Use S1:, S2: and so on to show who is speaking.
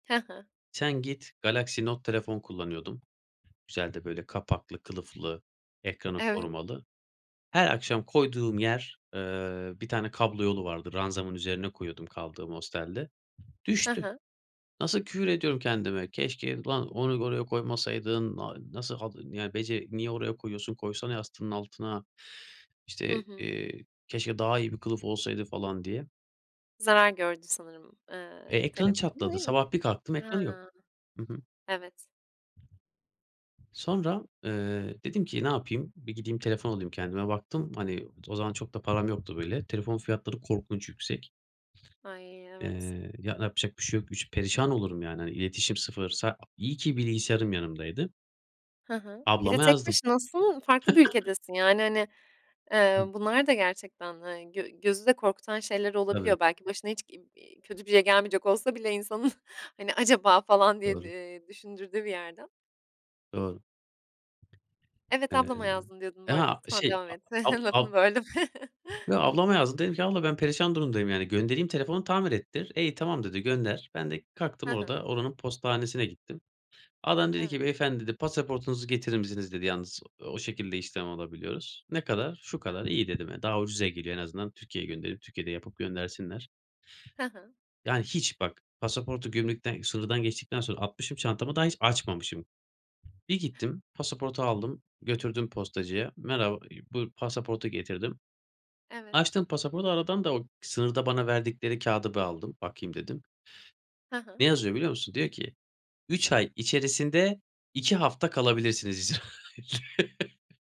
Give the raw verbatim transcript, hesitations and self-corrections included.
S1: Hı hı.
S2: Sen git Galaxy Note telefon kullanıyordum. Güzel de böyle kapaklı kılıflı ekranı
S1: Evet.
S2: korumalı. Her akşam koyduğum yer, eee, bir tane kablo yolu vardı ranzamın üzerine koyuyordum kaldığım hostelde.
S1: Hı
S2: Düştü.
S1: hı.
S2: Nasıl küfür ediyorum kendime, "Keşke ulan onu oraya koymasaydın, a nasıl hadi, ya bece niye oraya koyuyorsun koysana yastığının altına."
S1: Hı
S2: İşte,
S1: hı.
S2: eee, "Keşke daha iyi bir kılıf olsaydı." falan diye.
S1: Zarar gördü sanırım,
S2: Eee,
S1: eee,
S2: ekranı
S1: telefonun,
S2: çatladı
S1: değil mi?
S2: sabah bir kalktım
S1: He.
S2: ekranı yok. Hı hı.
S1: Evet.
S2: Sonra, eee, dedim ki ne yapayım? Bir gideyim telefon alayım kendime baktım, hani, o zaman çok da param yoktu, böyle, telefon fiyatları korkunç yüksek.
S1: Ay evet.
S2: Eee, ya yapacak bir şey yok. Üç perişan olurum yani, hani, iletişim sıfır. Sa iyi ki bilgisayarım yanımdaydı.
S1: Hı hı. Bir de
S2: Ablama
S1: tek
S2: yazdım.
S1: başınasın, farklı bir ülkedesin, yani, hani, eee,
S2: Hı.
S1: bunlar da gerçekten, hani, gö gözü de korkutan şeyler
S2: Evet.
S1: olabiliyor. Belki başına hiç, iii, iii, kötü bir şey gelmeyecek olsa bile insanın, hani, acaba falan diye,
S2: Doğru.
S1: eee, düşündürdüğü bir yerden.
S2: Doğru.
S1: Evet ablama yazdım
S2: [unintelligible]
S1: diyordun
S2: e
S1: bu arada
S2: ha
S1: lütfen
S2: şey
S1: devam
S2: a
S1: et.
S2: ab ab.
S1: Lafını böldüm.
S2: Yo ablama yazdım dedim ki, "Abla ben perişan durumdayım, yani, göndereyim telefonu tamir ettir." "E iyi tamam" dedi "Gönder." Ben de
S1: Hı
S2: kalktım
S1: hı.
S2: orada oranın postanesine gittim. Adam dedi
S1: Evet.
S2: ki; "beyefendi" dedi "pasaportunuzu getirir misiniz" dedi "Yalnız o şekilde işlem alabiliyoruz." "Ne kadar?" "Şu kadar"
S1: Hıı.
S2: "iyi" dedim, hani, daha ucuza geliyor en azından Türkiye'ye gönderip, Türkiye'de yapıp göndersinler.
S1: Hı hı.
S2: Yani, hiç bak pasaportu gümrükten sınırdan geçtikten sonra atmışım çantamı daha hiç açmamışım. Bir gittim pasaportu aldım, götürdüm postacıya. Merhaba, ııı buyur pasaportu getirdim.
S1: Evet.
S2: Açtım pasaportu, aradan da o sınırda bana verdikleri kağıdı bir aldım, bakayım, dedim.
S1: Hı hı.
S2: Ne yazıyor biliyor musun? Diyor ki, "üç ay içerisinde iki hafta kalabilirsiniz." yazıyor.